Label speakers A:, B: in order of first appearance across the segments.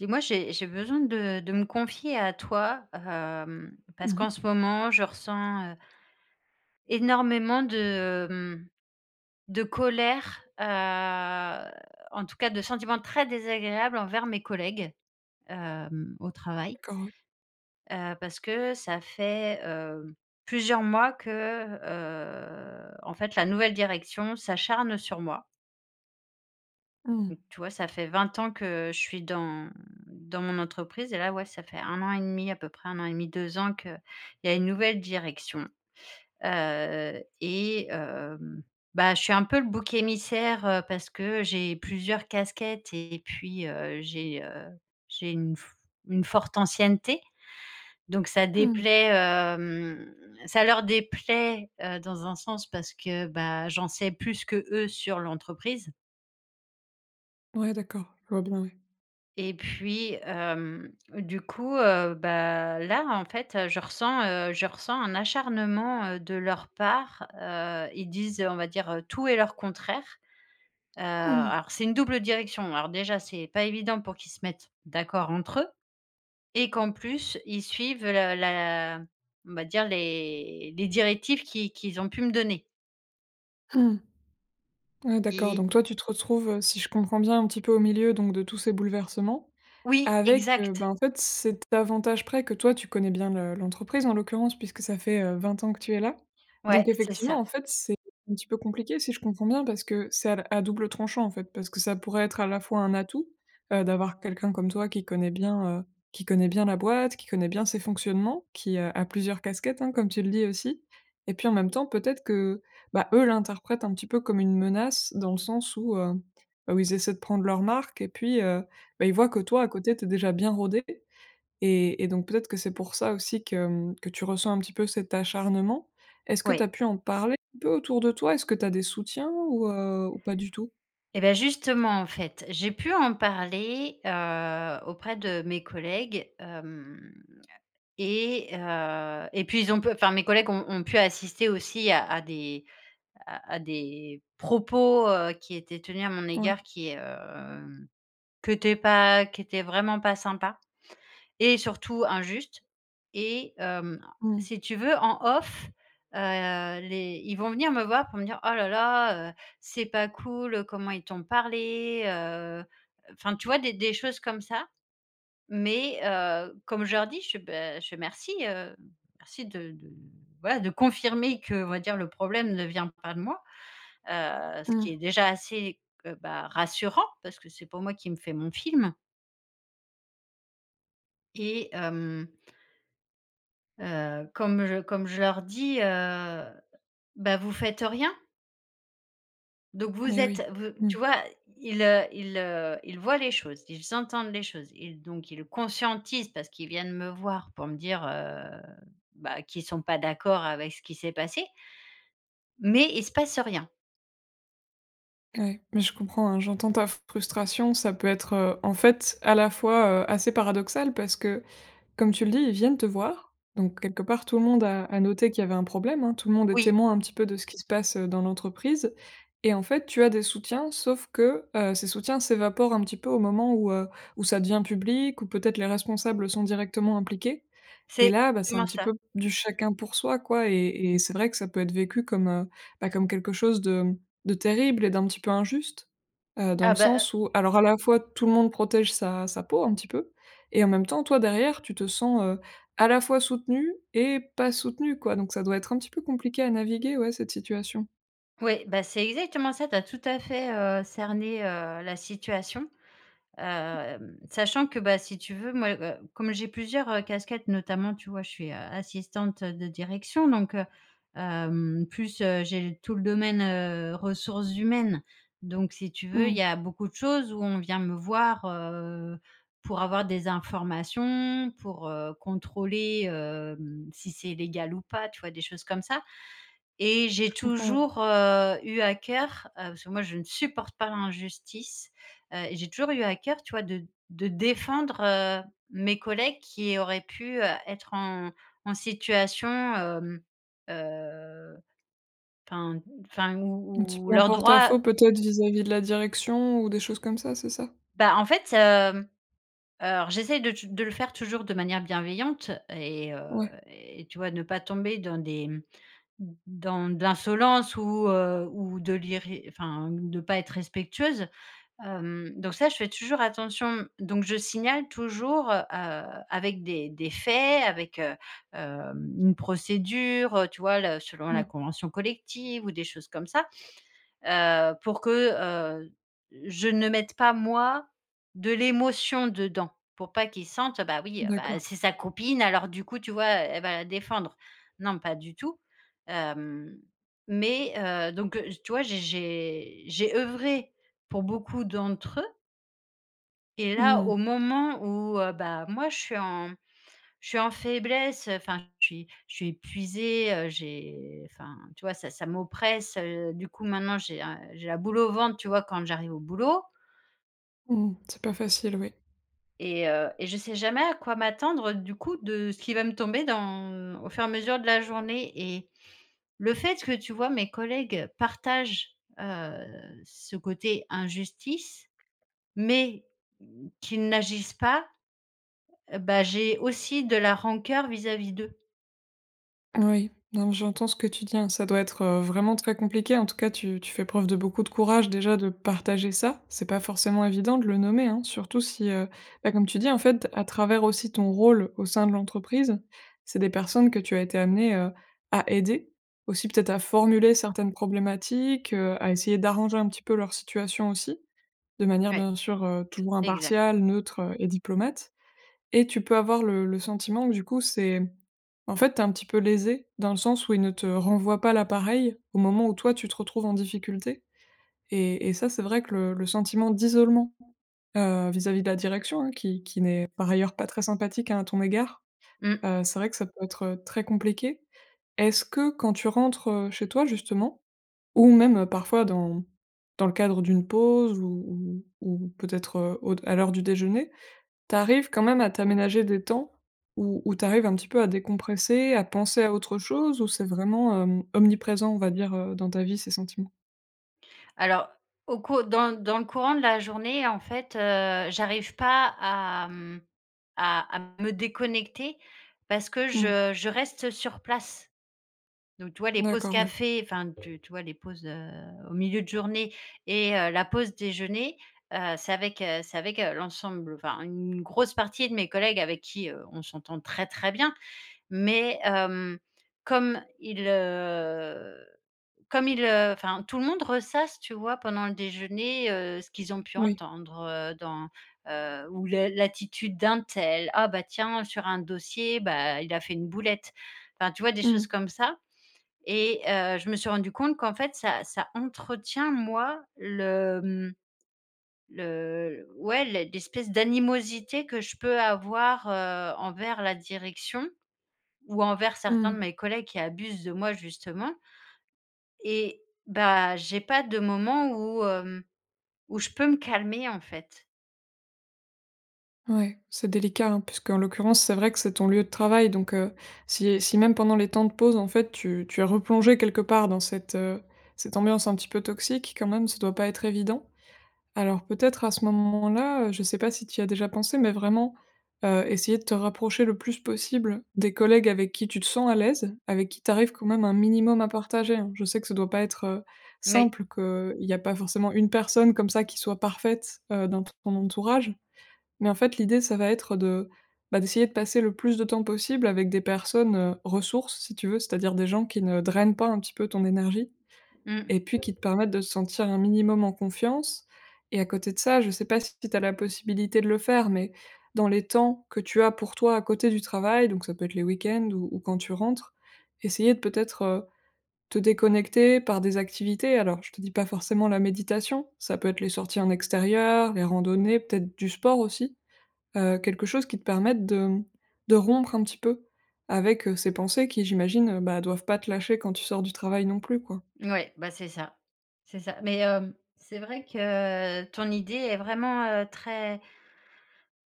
A: Dis moi, j'ai j'ai besoin de de me confier à toi, hem,
B: Mmh
A: parce qu'en
B: mh.
A: ce moment, je ressens, heu énormément de, hem, de colère, heu, en tous cas, de sentiments très désagréables envers mes collègues, hem, au travail
B: D'accord. Ouais.
A: heu, parce que ça fait, heu, plusieurs mois que, heu, en fait, la nouvelle direction s'acharne sur moi.
B: Mmh.
A: [unintelligible] Tu vois, ça fait 20 ans que je suis dans dans mon entreprise et là, ouais, ça fait 1 an et 1/2 à peu près, 1 an et 1/2, 2 ans qu'il y a une nouvelle direction. Heu et hem, bah, je suis un peu le bouc émissaire, heu, parce que j'ai plusieurs casquettes et puis, heu, j'ai, heu, j'ai une fo une forte ancienneté. Donc ça
B: Mmh.
A: déplaît, hem, ça leur déplaît, heu, dans un sens parce que, bah, j'en sais plus qu'eux sur l'entreprise.
B: Ouais, d'accord, je vois bien, ouais.
A: Et puis, hem, du coup, heu, bah, là, en fait, heu, je ressens, heu, je ressens un acharnement, heu, de leur part. Heu, ils disent, on va dire, heu, tout et leur contraire. Heu,
B: Mmh.
A: alors c'est une double direction. Alors, déjà, c'est pas évident pour qu'ils se mettent d'accord entre eux et qu'en plus, ils suivent le la on va dire, les les directives qu'ils qu'ils ont pu me donner.
B: Mmh. Ouais, d'accord,
A: Et
B: donc toi, tu te retrouves, heu, si je comprends bien, un petit peu au milieu, donc de tous ces bouleversements
A: Oui,
B: avec, heu, ben,
A: exact.
B: en fait, cet avantage près, que toi, tu connais bien le l'entreprise, en l'occurrence puisque ça fait, heu, 20 ans que tu es là.
A: Ouais,
B: Donc
A: c'est
B: effectivement,
A: ça.
B: en fait, c'est un petit peu compliqué, si je comprends bien, parce que c'est à à double tranchant, en fait, parce que ça pourrait être, à la fois, un atout, heu, d'avoir quelqu'un comme toi qui connaît bien, heu, qui connaît bien la boîte, qui connaît bien ses fonctionnements, qui, heu, a plusieurs casquettes, hein, comme tu le dis aussi. Et puis, en même temps, peut-être que, ben, eux l'interprètent un petit peu comme une menace dans le sens où, heu, où ils essaient de prendre leur marque et puis, heu, beh, ils voient que toi, à côté, tu es déjà bien rodée et et donc peut-être que c'est pour ça aussi que, hem, que tu ressens un petit peu cet acharnement. Est-ce que tu
A: Ouais.
B: as pu en parler un peu autour de toi? Est-ce que tu as des soutiens ou heu, ou pas du tout?
A: Et bah, justement, en fait, j'ai pu en parler, heu, auprès de mes collègues, hem et heu et puis, ils ont pu enfin, mes collègues ont ont pu assister aussi à à des à à des propos, heu, qui étaient tenus à mon
B: Ouais.
A: égard qui, hem, qui étaient pas qui étaient vraiment pas sympas et surtout injustes. Et hem,
B: Mmh.
A: si tu veux, en off, heu, les ils vont venir me voir pour me dire: «Oh là là, heu, c'est pas cool. Comment ils t'ont parlé heu», heu, enfin, tu vois, des des choses comme ça. Mais heu, comme je leur dis, je fais: «Beh», je fais: «Merci, heu, merci de de voilà, de confirmer, qu'on va dire, le problème ne vient pas de moi», heu, ce qui est
B: Mmh.
A: déjà assez, heu, bah, rassurant parce que c'est pas moi qui me fais mon film et hem heu, comme je comme je leur dis: «Heu, bah, vous faites rien?» Donc vous
B: Mais
A: êtes,
B: oui.
A: v
B: Mmh.
A: tu vois, i ils, heu, ils, heu, ils voient les choses, ils entendent les choses, ils donc ils conscientisent parce qu'ils viennent me voir pour me dire heu, bah qu'ils sont pas d'accord avec ce qui s'est passé mais il se passe rien.
B: Ouais, mais je comprends hein, j'entends ta frustration, ça peut être heu, en fait à la fois heu, assez paradoxal parce que, comme tu le dis, ils viennent te voir, donc, quelque part, tout le monde a a noté qu'il y avait un problème hein. Tout le monde est
A: Oui.
B: témoin un petit peu de ce qui se passe, heu, dans l'entreprise, et en fait, tu as des soutiens, sauf que heu, ces soutiens s'évaporent un petit peu au moment où, heu, où ça devient public ou peut-être les responsables sont directement impliqués, et
A: C'est
B: là, bah c'est un
A: exactement
B: petit
A: ça.
B: peu, du chacun pour soi quoi et et c'est vrai que ça peut être vécu comme heu, bah comme quelque chose de de terrible et d'un petit peu injuste. Heu, dans le
A: Ah bah,
B: sens
A: heu
B: où alors à la fois tout le monde protège sa sa peau un petit peu et en même temps toi derrière tu te sens heu, à la fois soutenue et pas soutenue quoi, donc ça doit être un petit peu compliqué à naviguer ouais cette situation.
A: Ouais beh, c'est exactement ça, tu as tout à fait, heu, cerné, heu, la situation.
B: [unintelligible]
A: Hem, sachant que bah si tu veux, moi, heu, comme j'ai plusieurs, heu, casquettes notamment tu vois, je suis, heu, assistante de direction donc heu, hem plus, heu, j'ai tout le domaine heu, ressources humaines donc si tu veux il y
B: Mmh.
A: a beaucoup de choses où on vient me voir heu, pour avoir des informations, pour heu, contrôler hem si c'est légal ou pas, tu vois des choses comme ça, et j'ai
B: Je comprends ouais.
A: toujours, heu, eu à cœur, heu, parce que moi je ne supporte pas l'injustice, heu, j'ai toujours eu à cœur tu vois de de défendre, heu, mes collègues qui auraient pu être en en situation hem, heu, enfin enfin
B: Un petit
A: où où
B: peu en
A: leurs droits
B: porte-à-faux peut-être vis-à-vis de la direction ou des choses comme ça, c'est ça?
A: Bah en fait hem, heu, alors j'essaye de touj de le faire toujours de manière bienveillante et, heu,
B: Ouais.
A: et tu vois ne pas tomber dans des mmh, d dans de l'insolence ou, heu, ou de l'irré enfin de pas être respectueuse. Hem, donc ça, je fais toujours attention donc je signale toujours heu, avec des des faits, avec, heu, hem une procédure, heu, tu vois, le selon la
B: Mmh.
A: convention collective ou des choses comme ça. Heu, pour que heu, je ne mette pas moi de l'émotion dedans, pour pas qu'ils sentent heu: «Bah oui, heu,
B: D'accord.
A: bah c'est sa copine. Alors du coup, tu vois, elle va la défendre.» Non, pas du tout. Hem, mais, heu, donc, heu, tu vois, j'ai j'ai j'ai œuvré pour beaucoup d'entre eux. Et
B: Mmh
A: là, au
B: mh.
A: moment où, heu, bah, moi je suis en, mmh, je suis en faiblesse, heu, enfin je suis je suis épuisée, heu, j'ai enfin tu vois ça ça m'oppresse, heu, du coup maintenant j'ai un j'ai la boule au ventre, tu vois, quand j'arrive au boulot.
B: Mmh, c'est pas facile. Oui.
A: Et heu et je sais jamais à quoi m'attendre, du coup, de ce qu'il va me tomber dans au fur et à mesure de la journée et le fait que, tu vois, mes collègues partagent, heu, ce côté injustice mais qu'ils n'agissent pas, heu, bah, j'ai aussi de la rancœur vis-à-vis d'eux.
B: Oui, non mais j'entends ce que tu dis, hein, ça doit être, heu, vraiment très compliqué. En tout cas tu tu fais preuve de beaucoup de courage déjà de partager ça. C'est pas forcément évident de le nommer, hein, surtout si, heu, bah, comme tu dis en fait, à travers aussi ton rôle au sein de l'entreprise, c'est des personnes que tu as été amenée, heu, à aider. Aussi peut-être à formuler certaines problématiques, heu, à essayer d'arranger un petit peu leur situation aussi de manière,
A: Ouais.
B: bien sûr, heu, toujours
A: Exact.
B: impartiale, neutre, heu, et diplomate et tu peux avoir le le sentiment que du coup, c'est, mmh, en fait tu es un petit peu lésée dans le sens où ils ne te renvoient pas la pareille au moment où toi tu te retrouves en difficulté et et ça c'est vrai que le le sentiment d'isolement, heu, vis-à-vis de la direction, hein, qui qui n'est par ailleurs pas très sympathique, hein, à ton égard,
A: Mmh.
B: heu, c'est vrai que ça peut être, heu, très compliqué. Est-ce que, quand tu rentres, heu, chez toi justement ou même parfois dans dans le cadre d'une pause ou ou ou peut-être, heu, au d à l'heure du déjeuner, tu arrives quand même à t'aménager des temps où où tu arrives un petit peu à décompresser, à penser à autre chose ou c'est vraiment, hem, omniprésent on va dire, heu, dans ta vie, ces sentiments?
A: Alors, au cours dans dans le courant de la journée, en fait, heu, j'arrive pas à, mmh, à à me déconnecter parce que
B: Mmh.
A: je je reste sur place. Donc, tu vois, les pauses
B: D'accord, ouais.
A: café, enfin tu tu vois les pauses, heu, au milieu de journée et heu, la pause déjeuner, heu, c'est avec, heu, c'est avec, heu, l'ensemble, enfin, une grosse partie de mes collègues avec qui, heu, on s'entend très, très bien. Mais, hem, comme ils, heu, comme ils, heu, enfin, tout le monde ressasse, tu vois, pendant le déjeuner, heu, ce qu'ils ont pu
B: Oui.
A: entendre, heu, dans, heu, ou le l'attitude d'un tel: «Ah, bah, tiens sur un dossier, bah, il a fait une boulette». Enfin, tu vois, des
B: Mmh
A: choses
B: mh.
A: comme ça et heu, je me suis rendue compte qu'en fait ça ça entretient moi le, hem, le l ouais l'e l'espèce d'animosité que je peux avoir, heu, envers la direction ou envers certains de
B: Mmh.
A: mes collègues qui abusent de moi justement et bah, j'ai pas de moments où, hem, où je peux me calmer en fait.
B: Ouais, c'est délicat, hein, puisqu'en l'occurrence, c'est vrai que c'est ton lieu de travail donc, heu, si si même pendant les temps de pause, en fait, tu tu es replongée quelque part dans cette, heu, cette ambiance un petit peu toxique, quand même, ça doit pas être évident. Alors, peut-être à ce moment-là, heu, je sais pas si tu y as déjà pensé, mais vraiment, heu, essayer de te rapprocher le plus possible des collègues avec qui tu te sens à l'aise, avec qui tu arrives quand même un minimum à partager, hein. Je sais que ça doit pas être, heu,
A: Mais
B: simple, qu'il y a pas forcément une personne comme ça qui soit parfaite, heu, dans ton entourage. Mais, en fait, l'idée, ça va être de, bah, d'essayer de passer le plus de temps possible avec des personnes, heu, ressources, si tu veux, c'est-à-dire des gens qui ne drainent pas, un petit peu, ton énergie
A: Mmh.
B: et puis, qui te permettent de te sentir un minimum en confiance et à côté de ça, je sais pas si tu as la possibilité de le faire, mais dans les temps que tu as pour toi à côté du travail, donc ça peut être les week-ends ou ou quand tu rentres, essayer de peut-être, heu, te déconnecter par des activités. Alors, je te dis pas forcément la méditation, ça peut être les sorties en extérieur, les randonnées, peut-être du sport aussi, heu, quelque chose qui te permette de, hem, de rompre un petit peu avec, heu, ces pensées qui, j'imagine, heu, bah, doivent pas te lâcher quand tu sors du travail non plus, quoi.
A: Ouais, bah c'est ça, c'est ça. Mais, hem, c'est vrai que ton idée est vraiment, heu, très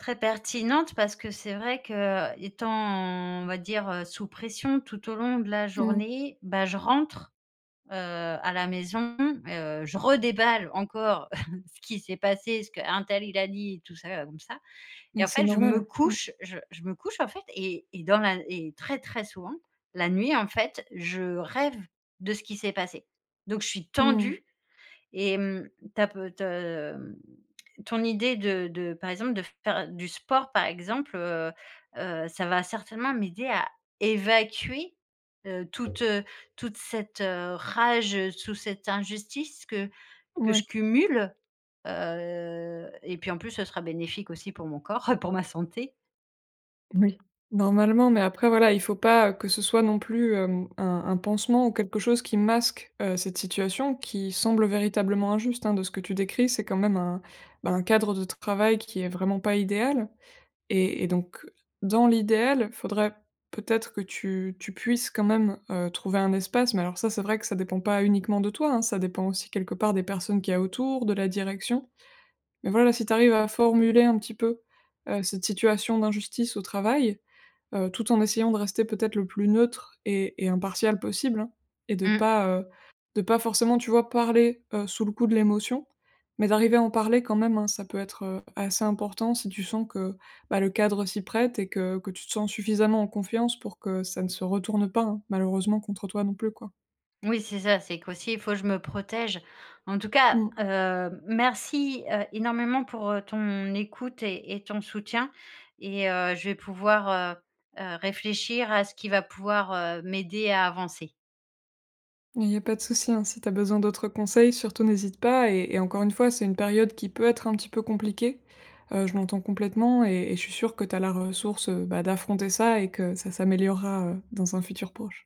A: très pertinente, parce que c'est vrai qu'étant, on va dire, heu, sous pression tout au long de la
B: Mmh.
A: journée, bah, je rentre, heu, à la maison, heu, je redéballe encore ce qui s'est passé, ce qu'un tel il a dit, tout ça, heu, ou hem, ça et
B: Mais
A: en
B: c'est
A: fait je me
B: normal, mmh.
A: couche, je je me couche, en fait et et dans la et très, très souvent la nuit, en fait, je rêve de ce qui s'est passé. Donc je suis
B: Mmh mh.
A: tendue et hem, tu as pe te hem, ton idée de de, par exemple, de faire du sport, par exemple, heu heu, ça va certainement m'aider à évacuer, heu, toute, heu, toute cette, heu, rage, heu, sous cette injustice que que
B: Ouais.
A: je cumule. Heu, et puis, en plus, ce sera bénéfique aussi pour mon corps, pour ma santé.
B: Oui, normalement, mais après, voilà, il faut pas, heu, que ce soit non plus, hem, un un pansement ou quelque chose qui masque, heu, cette situation, qui semble véritablement injuste, hein, de ce que tu décris. C'est quand même un bah, un cadre de travail qui est vraiment pas idéal et et donc dans l'idéal, faudrait peut-être que tu tu puisses quand même, heu, trouver un espace mais alors, ça c'est vrai que ça dépend pas uniquement de toi, hein. Ça dépend aussi, quelque part, des personnes qu'il y a autour, de la direction, mais voilà, si tu arrives à formuler un petit peu, heu, cette situation d'injustice au travail, heu, tout en essayant de rester peut-être le plus neutre et et impartiale possible, hein, et de
A: Mmh.
B: pas, heu, de pas forcément, tu vois, parler, heu, sous le coup de l'émotion, mais d'arriver à en parler quand même, hein. Ça peut être, heu, assez important si tu sens que, bah, le cadre s'y prête et que que tu te sens suffisamment en confiance pour que ça ne se retourne pas, hein, malheureusement contre toi, non plus, quoi.
A: Oui, c'est ça, c'est qu'aussi, il faut je me protège. En tout cas,
B: Mmh.
A: heu, merci, heu, énormément pour, heu, ton écoute et et ton soutien et heu, je vais pouvoir, heu, heu, réfléchir à ce qui va pouvoir, heu, m'aider à avancer.
B: Il y a pas de souci, hein, si tu as besoin d'autres conseils, surtout n'hésite pas et et encore une fois, c'est une période qui peut être un petit peu compliquée. Heu, je l'entends complètement et et je suis sûre que tu as la ressource, heu, bah, d'affronter ça et que ça s'améliorera, heu, dans un futur proche.